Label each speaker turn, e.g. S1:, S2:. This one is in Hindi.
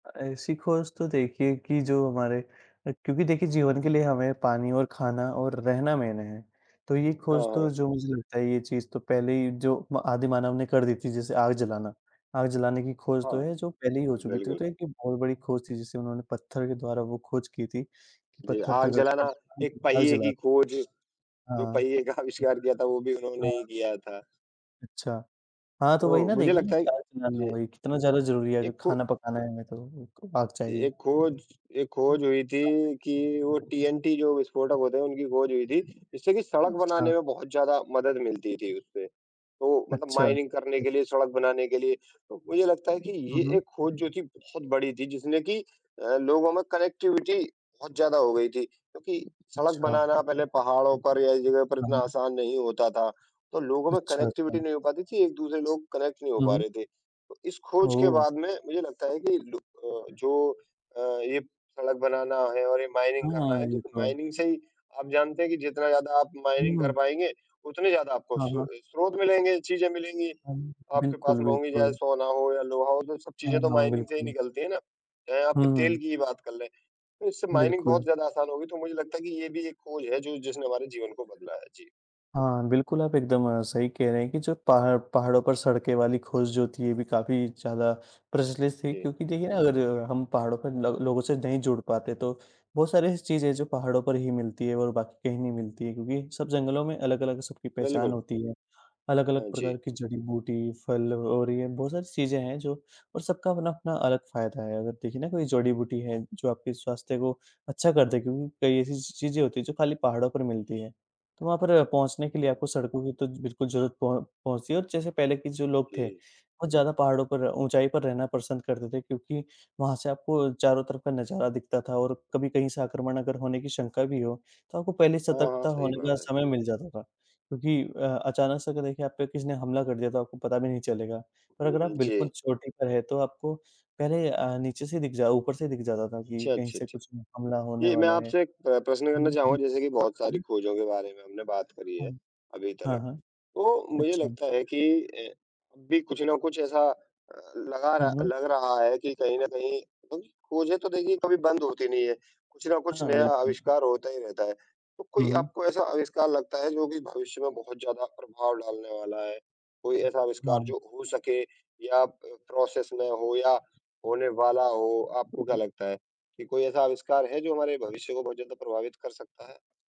S1: अ, ऐसी खोज तो देखिए कि जो हमारे अ, क्योंकि देखिए जीवन के लिए हमें पानी और खाना और रहना मेन हैं, तो ये
S2: हाँ,
S1: खोज तो
S2: हाँ।
S1: जो मुझे लगता है ये चीज़ तो पहले ही जो म आदिमानव ने कर दी थी, जैसे आग जलाना। आग जलाने की खोज तो
S2: हाँ।
S1: है जो पहले ही हो
S2: हाँ,
S1: चुकी थी,
S2: बिल्कुल।
S1: तो एक बहुत बड़ी खोज थी, जिसे उन्होंने पत्थर के द्वारा वो खोज की थी, कि
S2: जी,
S1: पत्थर
S2: आग
S1: रगड़ के
S2: जलाना, एक
S1: [unintelligible] आग
S2: पहिए की
S1: जलाते
S2: खोज जो
S1: हाँ।
S2: पहिए का
S1: उ
S2: आविष्कार दिया था, वो भी उन्होंने ही
S1: हाँ।
S2: दिया था।
S1: अच्छा। हाँ, तो वही
S2: तो
S1: ना
S2: मुझे
S1: देखिए ना
S2: लगता है
S1: कि आग जलाना
S2: जी,
S1: वही कितना ज़्यादा ज़रूरी है, अभी
S2: एक खो
S1: खाना पकाना है हमें तो, वही तो आग
S2: ए
S1: चाहिए।
S2: एक खोज एक
S1: हुँ।
S2: खोज हुई
S1: वाक़ई।
S2: थी कि वो टिएनटी जो विस्फोटक होते हैं, उनकी खोज हुई थी, जिससे कि सड़क
S1: अच्छा।
S2: बनाने में बहुत ज़्यादा मदद मिलती थी उससे। तो मतलब
S1: अच्छा,
S2: माइनिंग करने
S1: जी।
S2: के लिए, सड़क बनाने के लिए, तो मुझे लगता है कि
S1: हुँ,
S2: ये
S1: हुँ।
S2: एक खोज जो थी बहुत बड़ी थी, जिसने कि अ, लोगों में कनेक्टिविटी बहुत ज़्यादा हो गई थी। क्योंकि सड़क
S1: अच्छा।
S2: बनाना पहले पहाड़ों पर या इस जगह पर
S1: हाँ,
S2: इतना
S1: हाँ।
S2: आसान नहीं होता था, तो लोगों में
S1: अच्छा,
S2: कनेक्टिविटी
S1: अच्छा।
S2: नहीं हो पाती थी, एक-दूसरे लोग कनेक्ट नहीं हो
S1: हुँ,
S2: पा
S1: हुँ।
S2: रहे थे। तो इस खोज के
S1: ओह!
S2: बाद में मुझे लगता है कि लू अ, जो अ, ये सड़क बनाना है और ये माइनिंग करना है,
S1: हाँ, ये
S2: क्योंकि
S1: तो है।
S2: माइनिंग से ही आप जानते हैं कि जितना ज़्यादा आप माइनिंग कर
S1: हुँ।
S2: पाएँगे, उतने ज़्यादा आपको
S1: हाँ,
S2: सो
S1: हाँ।
S2: अ, स्रोत मिलेंगे, चीज़ें मिलेंगी,
S1: हाँ जी,
S2: आपके पास
S1: बिल्कुल,
S2: महँगी जैसे
S1: बिल्कुल।
S2: सोना हो या लोहा हो, तो सब
S1: हाँ,
S2: चीज़ें तो
S1: हाँ,
S2: माइनिंग से ही
S1: बिल्कुल।
S2: निकलती हैं ना, चाहे आपके तेल
S1: हुँ।
S2: की ही बात कर लें। तो इससे माइनिंग बहुत
S1: बिल्कुल।
S2: ज़्यादा आसान होगी, तो मुझे लगता है कि ये भी एक खोज है जो जिसने हमारे जीवन को बदला है। जी।
S1: हाँ, बिल्कुल आप एकदम सही कह रहे हैं कि जो पहाड़ पहाड़ों पर सड़कें वाली खोज जो थी, ये भी काफ़ी ज़्यादा
S2: जी,
S1: प्रचलित थी।
S2: जी।
S1: क्योंकि देखिए ना, अगर हम पहाड़ों पर ल लोगों से नहीं जुड़ पाते तो बहुत सारी ऐसी चीज़ें जो पहाड़ों पर ही मिलती है और बाकी कहीं नहीं मिलती है, क्योंकि सब जंगलों में अलग-अलग सबकी पहचान
S2: बिल्कुल।
S1: होती है। अलग-अलग
S2: हाँ
S1: प्रकार
S2: जी।
S1: की जड़ी-बूटी, फल और ये बहुत सारी चीजें हैं जो और सबका अपना-अपना अलग फ़ायदा है, अगर देखिए ना कोई जड़ी-बूटी है, जो आपके स्वास्थ्य को अच्छा कर दें, क्योंकि कई ऐसी-ऐसी चीज़ें होती हैं जो खाली पहाड़ों पर मिलती हैं। तो वहाँ पर पहुँचने के लिए
S2: जी।
S1: आपको सड़कों की तो बिल्कुल ज़रूरत प पहुँचती है, और जैसे पहले के जो लोग थे,
S2: जी।
S1: बहुत ज़्यादा पहाड़ों पर ऊँचाई पर रहना पसंद करते थे, क्योंकि वहाँ से आपको चारों तरफ़ का नजारा दिखता था और कभी कहीं से आक्रमण अगर होने की शंका भी हो, तो आपको पहले ही
S2: हाँ, हाँ,
S1: सतर्कता
S2: सही
S1: होने का
S2: बात है।
S1: समय मिल जाता था। क्योंकि अ, अचानक से अगर देखिए आप पे किसी ने हमला कर दिया तो आपको पता भी नहीं चलेगा, पर
S2: हुँ,
S1: अगर आप
S2: हुँ।
S1: बिल्कुल
S2: जी।
S1: चोटी पर हैं तो आपको पहले अ, नीचे से दिख जा ऊपर से दिख जाता था कि
S2: अच्छा,
S1: कहीं
S2: अच्छा,
S1: से
S2: अच्छा।
S1: कुछ हुँ, हमला होने
S2: जी, मैं
S1: वाला है।
S2: आपसे एक अ, प्रश्न करना चाहूँगा,
S1: [unintelligible]
S2: जैसे कि बहुत सारी
S1: हुँ।
S2: खोजों के बारे में हमने बात करी है,
S1: हुँ।
S2: अभी
S1: हाँ,
S2: तक
S1: हाँ।
S2: तो, मुझे
S1: अच्छा।
S2: लगता है कि अ, अभी कुछ ना कुछ ऐसा अ, लगा
S1: हुँ,
S2: रहा
S1: हुँ।
S2: लग रहा है कि कहीं न कहीं उम, खोजें तो देखिए कभी बंद होती नहीं है, कुछ न कुछ
S1: हाँ,
S2: नया
S1: बिल्कुल।
S2: आविष्कार होता ही रहता है। तो
S1: हुँ,
S2: कोई
S1: हुँ।
S2: आपको ऐसा आविष्कार लगता है जो कि भविष्य में बहुत ज़्यादा प्रभाव डालने वाला है? कोई ऐसा आविष्कार
S1: हाँ।
S2: जो हो सके या प प्रोसेस में हो या होने वाला हो। आपको क्या लगता है, कि कोई ऐसा आविष्कार है जो हमारे भविष्य को बहुत ज़्यादा प्रभावित कर सकता है?